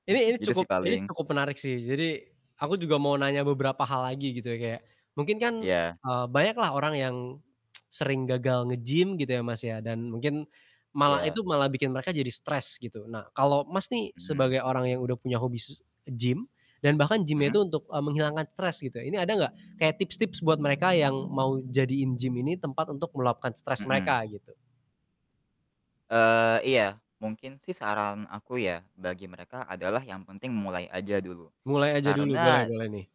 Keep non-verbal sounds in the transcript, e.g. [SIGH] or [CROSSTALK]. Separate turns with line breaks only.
Ini ini
Gitu
cukup
sih
ini
paling.
cukup menarik sih, jadi aku juga mau nanya beberapa hal lagi gitu ya, kayak mungkin kan,
Iya.
eee banyak lah orang yang [TSK] sering gagal nge-gym gitu ya Mas ya, dan mungkin malah
Iya.
itu malah bikin mereka jadi stres gitu. Nah kalau Mas nih
Mhm.
sebagai orang yang udah punya hobi s nge-gym dan bahkan gym-nya
Mhm.
itu untuk, eee, menghilangkan stres gitu ya, ini ada nggak kayak tips-tips buat mereka yang mau jadiin gym ini tempat untuk meluapkan stres
Mhm.
mereka gitu?
Eee, iya. Mungkin sih saran aku ya, bagi mereka adalah yang penting memulai aja dulu.
Mulai aja dulu, boleh
Karena
boleh nih.